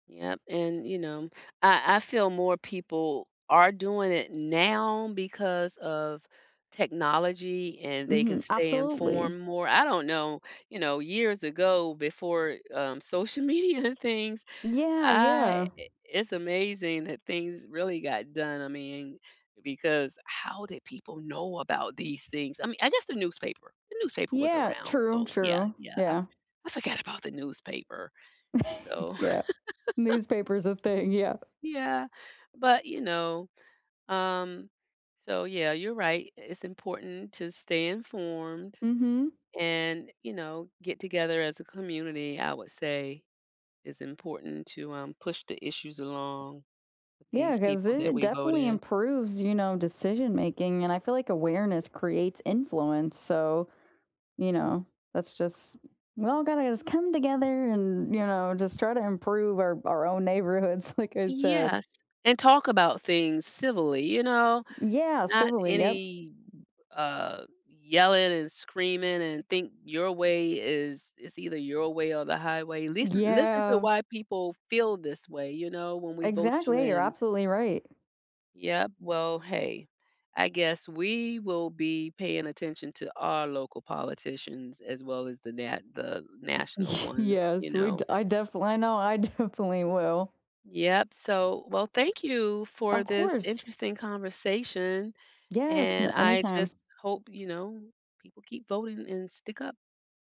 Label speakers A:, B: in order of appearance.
A: Yep and you know I I feel more people are doing it now because of technology and they can
B: Mhm.
A: stay
B: Absolutely.
A: informed more. I don't know, you know, years ago before, um, social media things
B: Yeah,
A: I
B: yeah.
A: i it's amazing that things really got done, I mean because how did people know about these things? I mea I guess the newspaper, the newspaper was
B: Yeah,
A: around,
B: true,
A: so yeah,
B: true.
A: yeah, I
B: Yeah.
A: for I forget about the newspaper, so
B: Yeah. Newspaper's a thing. Yeah.
A: Yeah, but you know, um, so yeah, you're right, it's important to stay informed
B: Mhm.
A: and, you know, get together as a community, I would say is important to, um, push the issues along with
B: Yeah,
A: these
B: 'cause
A: people that
B: it
A: we vote
B: definitely
A: in.
B: improves, you know, decision making. And I feel like awareness creates influence. So, you know, that's just "Well, gotta just come together and, you know, just try to improve our our own neighborhoods." like I said.
A: Yes, and talk about things civilly, you know,
B: Yeah,
A: not
B: civilly. Yup.
A: any, uh, yelling and screaming and think your way is is either your way or the highway. Listen listen to
B: Yeah.
A: why people feel this way, you know, when we vote you
B: Exactly, you're
A: in.
B: absolutely right.
A: Yup, well hey, I guess we will be paying attention to our local politicians as well as the na the
B: Y
A: national ones, you
B: yes. We d
A: know.
B: I defin I know, I definitely will.
A: Yup, so well, thank you for
B: Of
A: this
B: course.
A: interesting conversation
B: Yes.
A: and
B: Na
A: I
B: anytime.
A: just hope, you know, people keep voting and stick up.